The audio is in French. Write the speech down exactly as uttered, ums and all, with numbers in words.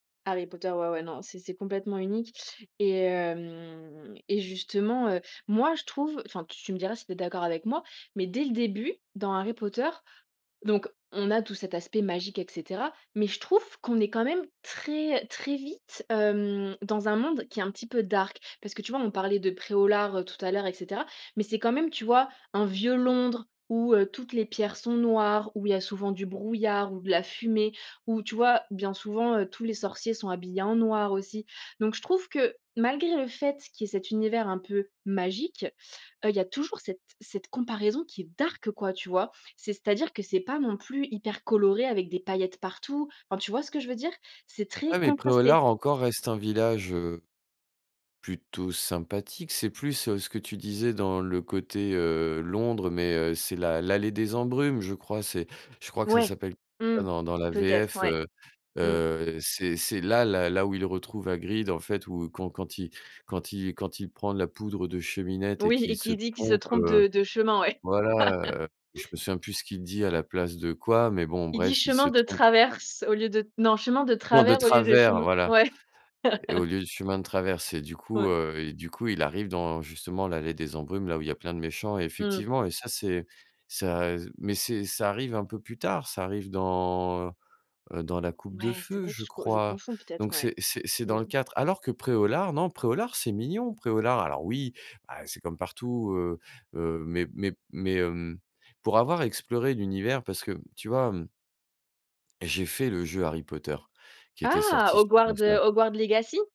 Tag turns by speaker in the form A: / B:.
A: Harry Potter, ouais, ouais, non, c'est c'est complètement unique et hem et justement, heu, moi je trouve enfin tu me diras si tu es d'accord avec moi, mais dès le début, dans Harry Potter donc on a tout cet aspect magique et cetera, mais je trouve qu'on est quand même très très vite, hem, dans un monde qui est un petit peu dark. Parce que tu vois, on parlait de Pré-au-Lard tout à l'heure et cetera. Mais c'est quand même, tu vois, un vieux Londres où, heu, toutes les pierres sont noires, où il y a souvent du brouillard ou de la fumée, où tu vois, bien souvent, heu, tous les sorciers sont habillés en noir aussi. Donc je trouve que malgré le fait qu'il y cet univers un peu magique, heu, il y a toujours cette cette comparaison qui est dark, quoi, tu vois? C'est-à-dire que c'est pas non plus hyper coloré avec des paillettes partout. Enfin tu vois ce que je veux dire? C'est très
B: Ouais, mais
A: contrasté.
B: Pré-au-Lard encore reste un village, heu, plutôt sympathique. C'est plus, heu, ce que tu disais dans le côté, heu, Londres, mais, heu, c'est l'a l'allée des embrumes, je crois c'est je crois que ça
A: Ouais,
B: s'appelle
A: mmh,
B: dans dans la
A: peut-être
B: VF,
A: ouais,
B: heu.
A: mmh.
B: Heu, c'est c'est là, la là où il retrouve Hagrid en fait, ou quand quand il quand il quand il quand il prend de la poudre de cheminette et
A: Oui
B: qu'il
A: et
B: se
A: qui dit qu'il se
B: trompe,
A: trompe
B: heu.
A: de de chemin ouais.
B: Voilà, heu, je me souviens plus ce qu'il dit à la place de quoi. Mais bon,
A: Il dit:
B: bref, il se
A: «Chemin de
B: trompe.
A: traverse» au lieu de, non: «Chemin de
B: Non, de
A: travers au lieu de
B: travers,
A: chemin»,
B: voilà
A: ouais.
B: et au lieu de chemin de traverse et du coup,
A: Ouais.
B: heu et du coup, il arrive dans justement l'allée des embrumes, là où il y a plein de méchants et
A: Mmh mh.
B: effectivement et ça, c'est ça et mais c'est ça arrive un peu plus tard, ça arrive dans, heu heu, dans la coupe de
A: Ouais, c'est
B: feu,
A: vrai que
B: je
A: je je
B: crois?
A: confonds peut-être,
B: Donc
A: ouais.
B: c'est c'est c'est dans le
A: Mmh.
B: quatre, alors que Pré-au-Lard, non, Pré-au-Lard c'est mignon, Pré-au-Lard. Alors oui, bah, c'est comme partout, heu heu, mais mais mais, hem, pour avoir exploré l'univers, parce que tu vois, hem j'ai fait le jeu Harry Potter qui était
A: Ah,
B: sorti sur
A: Hogwarts, heu,
B: console.
A: Hogwarts legacy?